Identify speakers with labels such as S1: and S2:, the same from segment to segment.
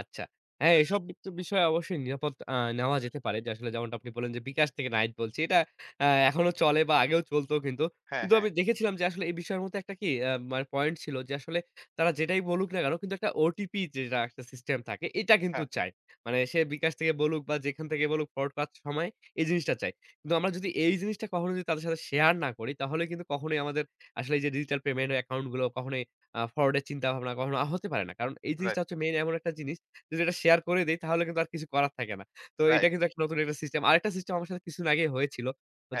S1: আচ্ছা। হ্যাঁ, এসব [unintelligible] বিষয়ে অবশ্যই নিরাপদ আ নেওয়া যেতে পারে। যে আসলে যেমনটা আপনি বললেন, যে bKash থেকে নাহিদ বলছি। এটা আ এখনো চলে বা আগেও চলত কিন্তু।
S2: হ্যাঁ,
S1: কিন্তু
S2: হ্যাঁ।
S1: আমি দেখেছিলাম যে আসলে এই বিষয়ের মধ্যে একটা কি আ মানে পয়েন্ট ছিল যে আসলে তারা যেটাই বলুক না কেনো কিন্তু একটা ওটিপি যেটা একটা সিস্টেম থাকে এটা কিন্তু
S2: হ্যাঁ।
S1: চায়। মানে সে bKash থেকে বলুক বা যেখান থেকে বলুক ফ্রড করার সময় এই জিনিসটা চায়। কিন্তু আমরা যদি এই জিনিসটা কখনোই যদি তাদের সাথে শেয়ার না করি তাহলে কিন্তু কখনোই আমাদের আসলে এইযে ডিজিটাল পেমেন্ট অ্যাকাউন্ট গুলো কখনোই আ ফ্রড এর চিন্তাভাবনা কখনো হতে পারে না। কারণ এই
S2: রাইট।
S1: জিনিসটা হচ্ছে মেইন এমন একটা জিনিস যদি এটা শেয়ার করে দেই তাহলে কিন্তু আর কিছু করার থাকে না। তো এটা
S2: রাইট।
S1: কিন্তু একটা নতুন একটা সিস্টেম। আরেকটা সিস্টেম আমার সাথে কিছুদিন আগেই হয়েছিল।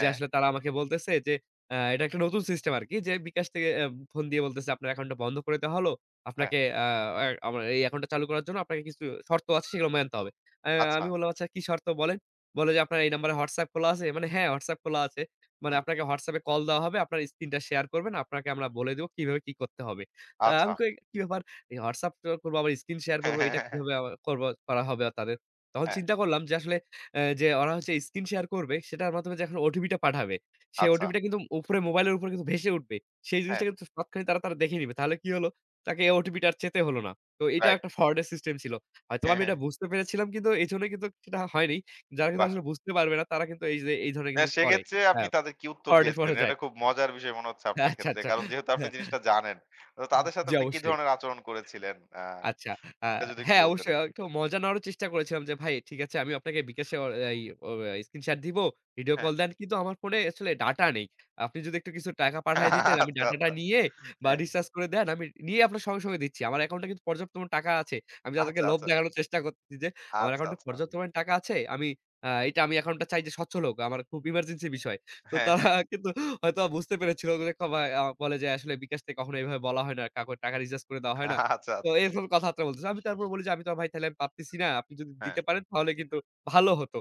S1: যে আসলে তারা আমাকে বলতেছে যে অ্যা এটা একটা নতুন সিস্টেম আরকি। যে bKash থেকে ফোন দিয়ে বলতেছে, "আপনার একাউন্টটা বন্ধ করে দেয়া হলো।
S2: হ্যাঁ।
S1: আপনাকে আ আ আমার এই একাউন্টটা চালু করার জন্য আপনাকে কিছু শর্ত আছে সেগুলো মানতে হবে।" আ আমি
S2: আচ্ছা।
S1: বললাম, "আচ্ছা কি শর্ত বলেন?" বলে যে, "আপনার এই নাম্বারে WhatsApp খোলা আছে?" মানে, "হ্যাঁ, হোয়াটসঅ্যাপ খোলা আছে।" মানে,
S2: হুম।
S1: "আপনাকে WhatsApp এ কল দেয়া হবে। আপনারা এই স্ক্রিনটা শেয়ার করবেন, আপনাকে আমরা বলে দেবো কিভাবে কি করতে হবে।" আ আমি
S2: আচ্ছা।
S1: কই কি ব্যাপার WhatsApp ত করব আবার স্ক্রিন শেয়ার করবো। এটা কিভাবে আবার করব করা হবে তাদের। তখন
S2: হ্যাঁ।
S1: চিন্তা করলাম যে আসলে আ যে ওরা হচ্ছে স্ক্রিন শেয়ার করবে সেটার মাধ্যমে যে এখন ওটিপিটা পাঠাবে। সে
S2: আচ্ছা।
S1: ওটিপিটা কিন্তু উপরে মোবাইলের উপরে কিন্তু ভেসে উঠবে। সেই
S2: হ্যাঁ।
S1: জিনিসটা কিন্তু তৎক্ষণি তারা তারা দেখে নিবে। তাহলে কি হলো তাকে ওটিপিটা আর চেতে হলো না। তো এটা
S2: রাইট।
S1: একটা ফ্রড এর সিস্টেম ছিল। হয়তোবা আমি এটা বুঝতে পেরেছিলাম কিন্তু এইজন্যই কিন্তু সেটা হয়নি। যারা কিন্তু
S2: বাহ!
S1: আসলে বুঝতে পারবে না তারা কিন্তু এইযে এই ধরনের
S2: না
S1: কিন্তু করে।
S2: সেক্ষেত্রে
S1: আ
S2: আপনি তাদের কি উত্তর
S1: ফ্রড এ
S2: দিয়েছিলেন?
S1: পরে
S2: এটা
S1: যায়।
S2: খুব মজার বিষয় মনে হচ্ছে আপনার
S1: আচ্ছা,
S2: ক্ষেত্রে।
S1: আচ্ছা।
S2: কারণ যেহেতু আপনি জিনিসটা জানেন তো তাদের সাথে
S1: জি,
S2: আপনি কি
S1: অবশ্যই।
S2: ধরনের আচরণ করেছিলেন? আ
S1: আচ্ছা। আ
S2: এটা যদি একটু
S1: হ্যাঁ,
S2: বলতেন?
S1: অবশ্যই একটু মজা নেওয়ারও চেষ্টা করেছিলাম যে, "ভাই ঠিক আছে আমি আপনাকে bKash এ আ এই অ স্ক্রিনশট দিবো। ভিডিও
S2: হ্যাঁ।
S1: কল দেন কিন্তু আমার ফোনে আসলে ডাটা নেই। আপনি যদি একটু কিছু টাকা পাঠায় দিতেন আমি
S2: আচ্ছা,
S1: ডাটাটা
S2: আচ্ছা।
S1: নিয়ে বা
S2: হ্যাঁ।
S1: রিচার্জ করে দেন আমি নিয়েই আপনার সঙ্গে, সঙ্গে দিচ্ছি।" আমার অ্যাকাউন্টে কিন্তু পর্যাপ্ত টাকা আছে। আমি যাদেরকে
S2: আচ্ছা,
S1: লোভ
S2: আচ্ছা।
S1: দেখানোর চেষ্টা করছি যে আমার
S2: আচ্ছা,
S1: অ্যাকাউন্টে
S2: আচ্ছা।
S1: পর্যাপ্ত পরিমাণে টাকা আছে আমি আ এইটা আমি এখন এটা চাই যে স্বচ্ছল লোক। আমার খুব ইমার্জেন্সি বিষয়। তো
S2: হ্যাঁ,
S1: তারা
S2: হ্যাঁ।
S1: কিন্তু হয়তো বুঝতে পেরেছিল [unintelligible] বলে যে, "আসলে bKash কে কখনো এভাবে বলা হয় না। কাউকে টাকা রিচার্জ করে দেওয়া হয় না।"
S2: আচ্ছা, আচ্ছা।
S1: তো এরকম কথাবার্তা বলতেছে। আমি তারপর বলি যে, "আমি তো আর ভাই আমি পারতেছি না। আপনি যদি
S2: হ্যাঁ।
S1: দিতে পারেন তাহলে কিন্তু ভালো হতো।"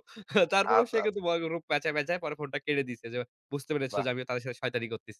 S2: আচ্ছা,
S1: তারপরেও সে
S2: আচ্ছা।
S1: কিন্তু [unintelligible] রূপ প্যাচায়, প্যাচায় ফোনটা কেড়ে দিছে। যে বুঝতে পেরেছিল
S2: বাহ!
S1: যে আমিও তাদের সাথে শয়তানি করছি।